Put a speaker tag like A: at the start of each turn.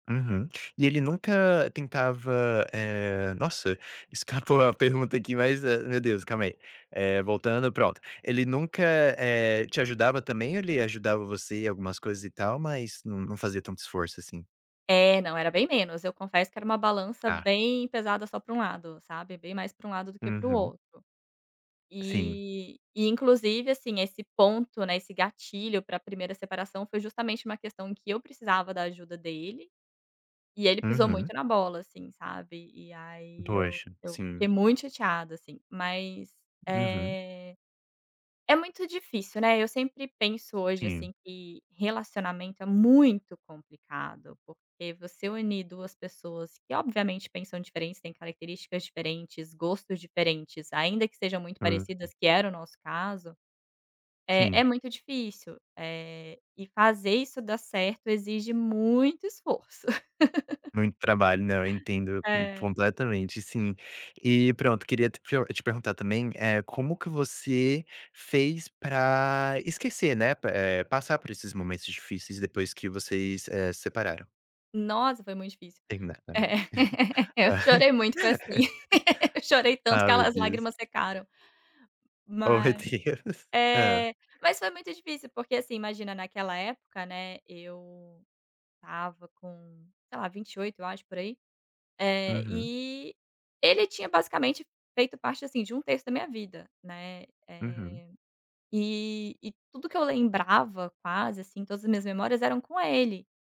A: Uhum, e ele nunca tentava, eh nossa, escapou a pergunta aqui, mas, eh, meu Deus, calma aí, eh, voltando, pronto. Ele nunca, eh, te ajudava também ou ele ajudava você em algumas coisas e tal, mas não não fazia tanto esforço, assim?
B: É, não, era bem menos. Eu confesso que era uma balança
A: Ah.
B: bem pesada só pra um lado, sabe? Bem mais pra um lado do que para o
A: Uhum.
B: outro.
A: Sim.
B: E e inclusive, assim, esse ponto, né, esse gatilho pra primeira separação foi justamente uma questão que eu precisava da ajuda dele, e ele pisou
A: Uhum.
B: muito na bola, assim, sabe? E aí eu
A: Poxa,
B: eu
A: sim.
B: fiquei muito chateada, assim. Mas,
A: Uhum.
B: eh, é muito difícil, né? Eu sempre penso, hoje,
A: Sim.
B: assim, que relacionamento é muito complicado, porque você unir duas pessoas que, obviamente, pensam diferente, têm características diferentes, gostos diferentes, ainda que sejam muito
A: Uhum.
B: parecidas, que era o nosso caso, é é
A: Sim.
B: muito difícil, eh, e fazer isso dar certo exige muito esforço.
A: Muito trabalho, né? Eu entendo, hum,
B: É.
A: completamente, sim. E, pronto, queria te prio te perguntar também, eh, como que você fez pra esquecer, né? Pe eh, passar por esses momentos difíceis depois que vocês, eh, separaram?
B: Nossa, foi muito difícil.
A: Terminar
B: É,
A: [unintelligible]
B: eu chorei muito, foi assim, chorei tanto
A: Ah,
B: que a
A: meu
B: as
A: Deus!
B: lágrimas secaram.
A: Ô, meu
B: Mas
A: Deus, hã?
B: eh mas foi muito difícil, porque, assim, imagina, naquela época, né, eu estava com, sei lá, 28, eu acho, por aí, eh,
A: Uhum.
B: e ele tinha basicamente feito parte, assim, de 1 terço da minha vida, né,
A: Uhum.
B: eh, e e tudo que eu lembrava, quase assim, todas as minhas memórias eram com ele.